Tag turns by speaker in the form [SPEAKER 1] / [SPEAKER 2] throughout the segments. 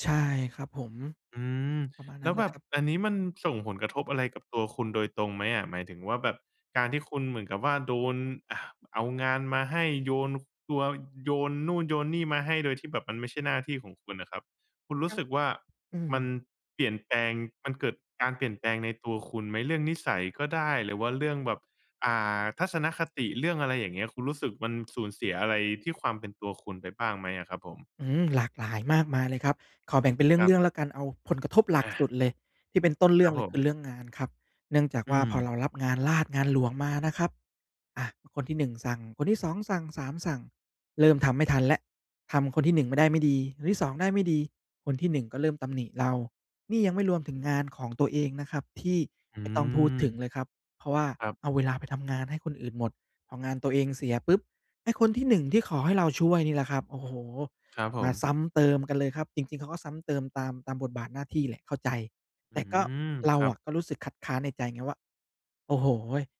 [SPEAKER 1] ใช่ครับผม
[SPEAKER 2] อืม
[SPEAKER 1] ประมาณน
[SPEAKER 2] แล
[SPEAKER 1] ั้
[SPEAKER 2] ้
[SPEAKER 1] น
[SPEAKER 2] ว
[SPEAKER 1] เล
[SPEAKER 2] แบ
[SPEAKER 1] ย
[SPEAKER 2] บ
[SPEAKER 1] ครับ
[SPEAKER 2] อันนี้มันส่งผลกระทบอะไรกับตัวคุณโดยตรงไหมอะ? หมายถึงว่า แบบการที่คุณเหมือนกับว่า โดน อะ เอางานมาให้ โยน ค คัว โยนนู่นโยนนี่มาให้ โดยที่แบบมันไม่ใช่หน้าที่ของคุณอะครับ คุณร
[SPEAKER 1] ค
[SPEAKER 2] ู
[SPEAKER 1] ร
[SPEAKER 2] ้
[SPEAKER 1] ั
[SPEAKER 2] ส
[SPEAKER 1] บ
[SPEAKER 2] ึกว่า
[SPEAKER 1] อืม
[SPEAKER 2] มันเปลี่ยนแปลง มันเกิดการเปลี่ยนแปลงในตัวคุณไหม? เรื่องนิสัยก็ได้ หรือว่าเรื่องแบบ อ่า ทัศนคติ เรื่องอะไรอย่างเงี้ย คุณรู้สึกมันสูญเสียอะไรที่ความเป็นตัวคุณไปบ้างไหมอะครับผม?
[SPEAKER 1] อืม หลากหลายมากมายเลยครับ ขอแบ่งเป็นเร
[SPEAKER 2] ครั
[SPEAKER 1] ื
[SPEAKER 2] บ
[SPEAKER 1] ่อง ๆ แล้วกัน เอาผลกระทบหลั
[SPEAKER 2] อ
[SPEAKER 1] ก
[SPEAKER 2] า
[SPEAKER 1] สุดเลย ที่เป็นต้นเร
[SPEAKER 2] ค
[SPEAKER 1] ื่
[SPEAKER 2] ร
[SPEAKER 1] อ
[SPEAKER 2] ั
[SPEAKER 1] ง
[SPEAKER 2] บ
[SPEAKER 1] เล
[SPEAKER 2] ผ
[SPEAKER 1] ย ค
[SPEAKER 2] ม
[SPEAKER 1] ือ เรื่องงานครับ เนื่องจาก
[SPEAKER 2] อื
[SPEAKER 1] ว่า พอเรา
[SPEAKER 2] ม
[SPEAKER 1] รับงานราษฎร์งานหลวงมานะครับ อา คนที่ 1 สั่ง คนที่ 2 สั่ง 3 สั่ง เริ่มทำไม่ทันแล้ว ทำคนที่ 1 ไม่ได้ไม่ดี คนที่ 2 ได้ไม่ดี คนที่ 1 ก็เริ่มตำหนิเรา นี่ยังไม่รวมถึงงานของตัวเองนะครับ ที่
[SPEAKER 2] อื
[SPEAKER 1] ไม่ต้องพูดถึง
[SPEAKER 2] ม
[SPEAKER 1] เลยครับ เพราะว่า
[SPEAKER 2] ครับ
[SPEAKER 1] เอาเวลาไปทำงานให้คนอื่นหมด พองานตัวเองเสียปุ๊บ ไอ้คนที่ 1 ที่ขอให้เราช่วยนี่แหละครับ โอ้โฮ!
[SPEAKER 2] ครับผ
[SPEAKER 1] มา
[SPEAKER 2] ม
[SPEAKER 1] ซ้ำเติมกันเลยครับ จริง ๆ เขาก็ซ้ำเติมตาม ตามบทบาทหน้าที่แหละ เข้าใจ
[SPEAKER 2] อ
[SPEAKER 1] แ
[SPEAKER 2] ื
[SPEAKER 1] ต่ก็
[SPEAKER 2] ม
[SPEAKER 1] เรา
[SPEAKER 2] ครั
[SPEAKER 1] อ
[SPEAKER 2] บ
[SPEAKER 1] ะก็รู้สึกคัดค้านในใจไงว่า "โอ้โฮ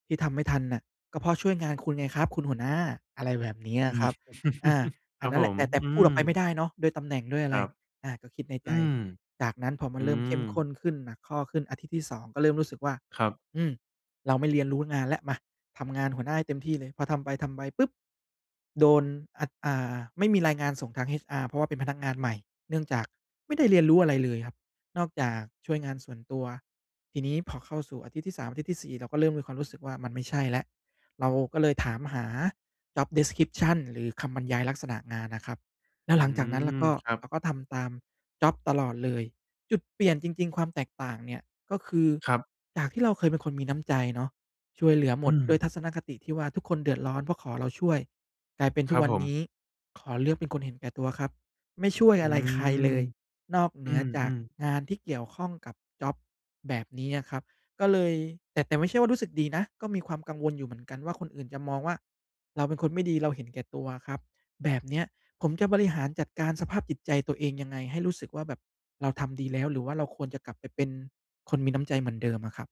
[SPEAKER 1] ที่ทำไม่ทันน่ะ ก็เพราะช่วยงานคุณไงครับ คุณหัวหน้า" อะไรแบบนี้
[SPEAKER 2] อ
[SPEAKER 1] อ
[SPEAKER 2] ื
[SPEAKER 1] ะค
[SPEAKER 2] ม
[SPEAKER 1] รับ อา
[SPEAKER 2] ค
[SPEAKER 1] อั
[SPEAKER 2] ร
[SPEAKER 1] น
[SPEAKER 2] ับ
[SPEAKER 1] นั้น
[SPEAKER 2] ผ
[SPEAKER 1] แหละ
[SPEAKER 2] ม
[SPEAKER 1] แต่ แต่
[SPEAKER 2] อื
[SPEAKER 1] พูด
[SPEAKER 2] ม
[SPEAKER 1] ออกไปไม่ได้เนาะ ด้วยตำแหน่งด้วยอะ
[SPEAKER 2] ค
[SPEAKER 1] ไ
[SPEAKER 2] ร
[SPEAKER 1] ร
[SPEAKER 2] ับ
[SPEAKER 1] อา ก็คิดในใ
[SPEAKER 2] อ
[SPEAKER 1] จ
[SPEAKER 2] ืม
[SPEAKER 1] จากนั้นพอมั
[SPEAKER 2] อื
[SPEAKER 1] นเริ่มเข้มข
[SPEAKER 2] ม
[SPEAKER 1] ้นขึ้น หนักข้อขึ้น อาทิตย์ที่ 2 ก็เริ่มรู้สึกว่า
[SPEAKER 2] ครับ
[SPEAKER 1] อืม เราไม่เรียนรู้งานแล้ว มา ทำงานหัวหน้าให้เต็มที่เลย พอทำไป ๆ ปุ๊บ โดน อ อ่า ไม่มีรายงานส่งทาง HR เพราะว่าเป็นพนักงานใหม่ เนื่องจากไม่ได้เรียนรู้อะไรเลยครับ นอกจากช่วยงานส่วนตัว ทีนี้พอเข้าสู่อาทิตย์ที่ 3 อาทิตย์ที่ 4 เราก็เริ่มมีความรู้สึกว่า มันไม่ใช่แล้ว เราก็เลยถามหา job description หรือคำบรรยายลักษณะงานน่ะครับ แล้
[SPEAKER 2] อื
[SPEAKER 1] วหลังจากนั้น เรา
[SPEAKER 2] ม
[SPEAKER 1] ก็
[SPEAKER 2] ครับ
[SPEAKER 1] เราก็ทำตามจ็อบตลอดเลย จุดเปลี่ยนจริง ๆ ความแตกต่างเนี่ย ก็คือ
[SPEAKER 2] ครับ
[SPEAKER 1] จากที่เราเคยเป็นคนมีน้ำใจเนาะ ช่วยเหลือหม
[SPEAKER 2] อื
[SPEAKER 1] ด ด้วย
[SPEAKER 2] ม
[SPEAKER 1] ทัศนคติที่ว่าทุกคนเดือดร้อน เพราะขอเราช่วย กลายเป็นท
[SPEAKER 2] ค
[SPEAKER 1] ุ
[SPEAKER 2] ร
[SPEAKER 1] ก
[SPEAKER 2] ับ
[SPEAKER 1] วัน
[SPEAKER 2] ผ
[SPEAKER 1] นี
[SPEAKER 2] ม
[SPEAKER 1] ้ ขอเลือกเป็นคนเห็นแก่ตัวครับ ไม่ช่วย
[SPEAKER 2] อื
[SPEAKER 1] อะไรใครเล
[SPEAKER 2] ม
[SPEAKER 1] ย นอกเห
[SPEAKER 2] อ
[SPEAKER 1] น
[SPEAKER 2] ื
[SPEAKER 1] ือจาก
[SPEAKER 2] ม ๆ
[SPEAKER 1] งานที่เกี่ยวข้องกับจ็อบ แบบนี้อะครับ ก็เลย แต่ แต่ไม่ใช่ว่ารู้สึกดีนะ ก็มีความกังวลอยู่เหมือนกันว่า คนอื่นจะมองว่า เราเป็นคนไม่ดี เราเห็นแก่ตัวอะครับ แบบเนี้ยผมจะบริหารจัดการสภาพจิตใจตัวเองยังไง? ให้รู้สึกว่า แบบเราทำดีแล้ว หรือว่าเราควรจะกลับไปเป็นคนมีน้ำใจเหมือนเดิมอะครับ?